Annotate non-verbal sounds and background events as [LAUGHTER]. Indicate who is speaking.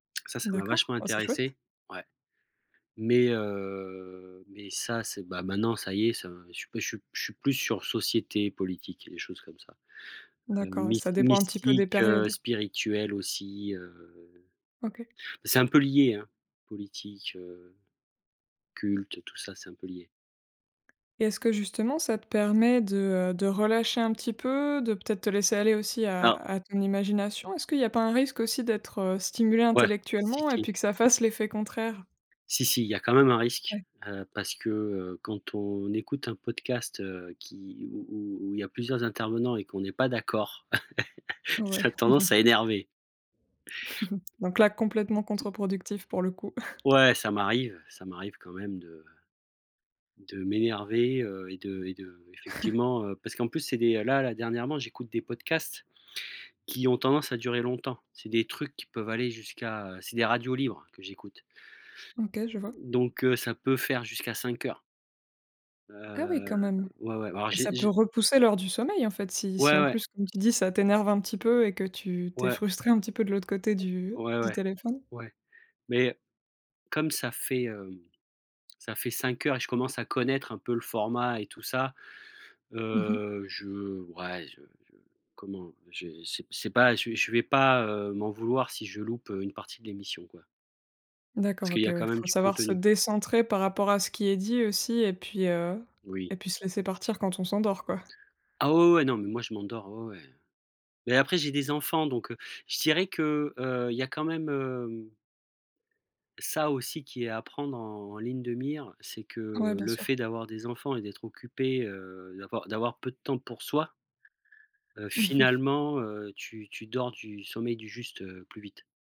Speaker 1: Ça, ça m'a
Speaker 2: D'accord.
Speaker 1: vachement
Speaker 2: Oh! C'est chouette!
Speaker 1: intéressé. Ouais mais heu, mais ça, c'est, bah, maintenant, ça y est, ça, je suis je suis p je suis plus sur société politique et les choses comme ça. Hem,
Speaker 2: D'accord, ouais.
Speaker 1: mys
Speaker 2: Ça dépend un petit peu des
Speaker 1: mystique, heu,
Speaker 2: périodes.
Speaker 1: spirituel aussi, heu,
Speaker 2: OK.
Speaker 1: c'est un peu lié, hein! Politique, heu, culte, tout ça, c'est un peu lié.
Speaker 2: Et est-ce que, justement, ça te permet de, heu, de relâcher un petit peu, de peut-être te laisser aller aussi à
Speaker 1: Alors
Speaker 2: à ton imagination? Est-ce qu'il y pas un risque aussi d'être, heu, stimulé
Speaker 1: Ouais, si
Speaker 2: intellectuellement et
Speaker 1: si!
Speaker 2: puis que ça fasse l'effet contraire?
Speaker 1: Si, si, il y a quand même un risque,
Speaker 2: Ouais.
Speaker 1: heu, parce que, heu, quand on écoute un podcast, heu, qui où où où où il y a plusieurs intervenants et qu'on est pas d'accord, [LAUGHS] ça a
Speaker 2: Ouais.
Speaker 1: tendance à
Speaker 2: [CHUCKLES]
Speaker 1: énerver.
Speaker 2: [CHUCKLES] Donc là, complètement
Speaker 1: Tu
Speaker 2: contre-productif, pour le coup. [CHUCKLES]
Speaker 1: Ouais, ça m'arrive, ça m'arrive quand même de de m'énerver, heu, et de et
Speaker 2: [CHUCKLES]
Speaker 1: d'effectivement, heu parce qu'en plus, c'est des là, là, dernièrement j'écoute des podcasts qui ont tendance à durer longtemps. C'est des trucs qui peuvent aller jusqu'à, heu c'est des radios libres que j'écoute.
Speaker 2: OK, je vois.
Speaker 1: Donc heu, ça peut faire jusqu'à 5 heures.
Speaker 2: Ah, oui,
Speaker 1: Heu,
Speaker 2: quand même
Speaker 1: ouais, ouais, alors
Speaker 2: et
Speaker 1: j'ai
Speaker 2: ça peut
Speaker 1: j
Speaker 2: repousser l'heure du sommeil, en fait, si si,
Speaker 1: Ouais,
Speaker 2: en
Speaker 1: ouais!
Speaker 2: plus, comme tu dis: «Ça t'énerve un petit peu» et que tu tu es
Speaker 1: Ouais.
Speaker 2: frustré un petit peu de l'autre côté
Speaker 1: O
Speaker 2: du
Speaker 1: ouais,
Speaker 2: du
Speaker 1: ouais.
Speaker 2: téléphone.
Speaker 1: Ouais, mais comme ça fait, hem, ça fait 5 heures et je commence à connaître un peu le format et tout ça.
Speaker 2: Mmh mh.
Speaker 1: Heu, je ouais, je je comment? j'ai c'est c'est pas je je vais pas, heu, m'en vouloir si je loupe, heu, une partie de l'émission, quoi. Parce
Speaker 2: D'accord.
Speaker 1: qu'il
Speaker 2: OK,
Speaker 1: y a,
Speaker 2: ouais.
Speaker 1: quand même,
Speaker 2: Faut
Speaker 1: du
Speaker 2: savoir se
Speaker 1: contenu.
Speaker 2: décentrer par rapport à ce qui est dit aussi et puis, heu,
Speaker 1: Oui.
Speaker 2: et puis se laisser partir quand on s'endort, quoi.
Speaker 1: Ah, ouais, ouais, non mais moi, je m'endors. Ouais, ouais, heu, mais après j'ai des enfants donc heu, je dirais que, heu, il y a quand même, hem ça aussi qui est à prendre en en ligne de mire. C'est
Speaker 2: Ouais,
Speaker 1: que,
Speaker 2: bien
Speaker 1: le
Speaker 2: sûr.
Speaker 1: fait d'avoir des enfants et d'être occupé, heu, d'avoir d'avoir peu de temps pour soi heu,
Speaker 2: Mmh mh.
Speaker 1: finalement, heu, tu tu dors du sommeil du juste, heu, plus vite.